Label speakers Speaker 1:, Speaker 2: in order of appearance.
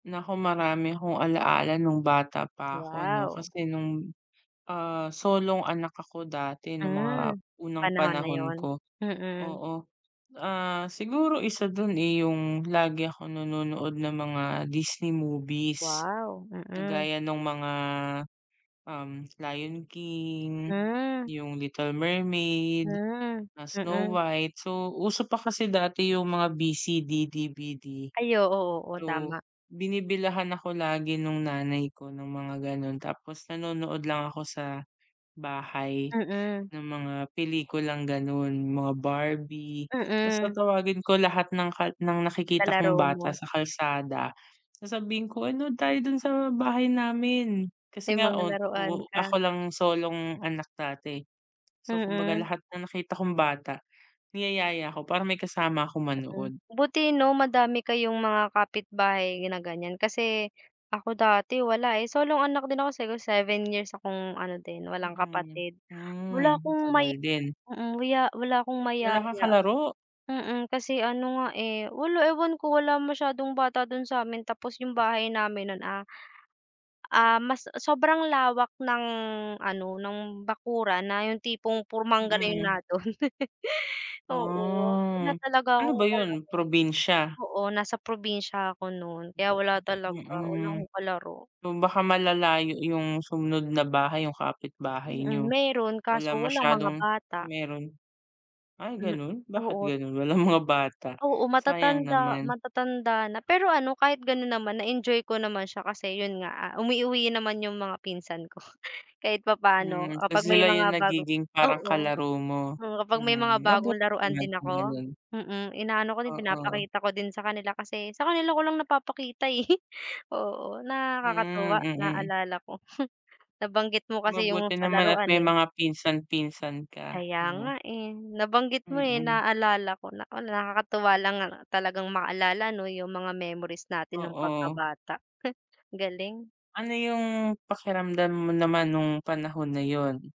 Speaker 1: Naku marami akong alaala nong bata pa ako 'no
Speaker 2: Wow.
Speaker 1: kasi nong, ah, solong anak ako dati nong mga
Speaker 2: Hmm,
Speaker 1: unang
Speaker 2: panahon na
Speaker 1: panahon
Speaker 2: 'yon,
Speaker 1: ko.
Speaker 2: mm.
Speaker 1: Oo, ah, siguro isa don, eh, yung lagi ako nanonood ng mga Disney movies
Speaker 2: Wow, mm.
Speaker 1: kagaya nung mga, um, Lion King,
Speaker 2: Hmm.
Speaker 1: yung Little Mermaid,
Speaker 2: Hmm.
Speaker 1: ah, Snow
Speaker 2: Mm.
Speaker 1: White. So uso pa kasi dati yung mga VCD, DVD.
Speaker 2: Ay oo, oo
Speaker 1: So
Speaker 2: tama.
Speaker 1: binibilhan ako lagi nung nanay ko ng mga ganon tapos nanonood lang ako sa bahay
Speaker 2: Mm.
Speaker 1: ng mga pelikulang ganon, mga Barbie tas
Speaker 2: Mm.
Speaker 1: tatawagin ko lahat ng ka ng
Speaker 2: Sa
Speaker 1: nakikita kong
Speaker 2: laro mo.
Speaker 1: bata sa kalsada sasabihin ko, uy nood tayo don sa bahay namin. Kasi
Speaker 2: May
Speaker 1: nga
Speaker 2: mga
Speaker 1: on
Speaker 2: laruan
Speaker 1: oo
Speaker 2: ka.
Speaker 1: ako lang solong anak dati. So kumbaga
Speaker 2: Mm.
Speaker 1: lahat ng nakita kong bata niyayaya ko para may kasama akong
Speaker 2: Mm,
Speaker 1: manood.
Speaker 2: buti 'no madami kayong mga kapit-bahay na ganyan. Kasi ako dati wala, eh, solong anak din ako. Siguro 7 years akong ano din walang
Speaker 1: Mm.
Speaker 2: kapatid,
Speaker 1: Hmm,
Speaker 2: wala akong
Speaker 1: matagal
Speaker 2: maya
Speaker 1: din.
Speaker 2: mm, maya wala akong
Speaker 1: Wala kang
Speaker 2: mayaya.
Speaker 1: kalaro?
Speaker 2: Mm, kasi ano nga, eh, wala ewan ko. Wala masyadong bata don sa'min tapos yung bahay namin non, ah, ah, mas sobrang lawak ng ano ng bakuran na yung tipong puro mangga na yung
Speaker 1: Mm.
Speaker 2: nandon. Oo wala
Speaker 1: Ah
Speaker 2: talaga
Speaker 1: ano
Speaker 2: akong
Speaker 1: ba 'yon
Speaker 2: kalaro.
Speaker 1: probinsya?
Speaker 2: Oo nasa probinsya ako non kaya wala talaga,
Speaker 1: Mm,
Speaker 2: wala
Speaker 1: mm.
Speaker 2: akong kalaro.
Speaker 1: O baka malalayo yung sumunod na bahay yung kapit-bahay
Speaker 2: Mm,
Speaker 1: niyo?
Speaker 2: meron
Speaker 1: Wala
Speaker 2: kaso walang mga
Speaker 1: masyadong,
Speaker 2: bata.
Speaker 1: meron. Ay
Speaker 2: Hmm,
Speaker 1: ganon bakit
Speaker 2: oo.
Speaker 1: ganon walang mga bata,
Speaker 2: Oo
Speaker 1: sayang
Speaker 2: matatanda,
Speaker 1: naman.
Speaker 2: matatanda na. Pero ano kahit ganon naman na-enjoy ko naman siya kasi 'yon nga, ah, umuuwi naman yung mga pinsan ko. Kahit papaano
Speaker 1: Hmm,
Speaker 2: ah
Speaker 1: kasi
Speaker 2: kapag may
Speaker 1: sila yung
Speaker 2: mga bagong,
Speaker 1: nagiging parang
Speaker 2: oo,
Speaker 1: kalaro mo?
Speaker 2: oo kapag may
Speaker 1: Hmm,
Speaker 2: mga bagong
Speaker 1: mabuti
Speaker 2: laruan
Speaker 1: naman
Speaker 2: din
Speaker 1: kung
Speaker 2: ako,
Speaker 1: ganon.
Speaker 2: mm, inaano ko din
Speaker 1: Oo.
Speaker 2: pinapakita ko din sa kanila kasi sa kanila ko lang napapakita, eh, oo
Speaker 1: Hmm,
Speaker 2: nakakatuwa
Speaker 1: mm.
Speaker 2: naalala ko, nabanggit mo kasi yung
Speaker 1: Mabuti
Speaker 2: sa
Speaker 1: naman at
Speaker 2: laruan,
Speaker 1: may
Speaker 2: eh.
Speaker 1: mga pinsan, pinsan ka
Speaker 2: Kaya nga,
Speaker 1: 'no.
Speaker 2: eh, nabanggit mo, eh,
Speaker 1: Mm.
Speaker 2: naalala ko naku nakakatuwa lang
Speaker 1: [unintelligible]
Speaker 2: talagang maalala 'no yung mga memories natin nong
Speaker 1: Oo.
Speaker 2: pagkabata, he galing.
Speaker 1: Ano yung pakiramdam mo naman nong panahon na 'yon?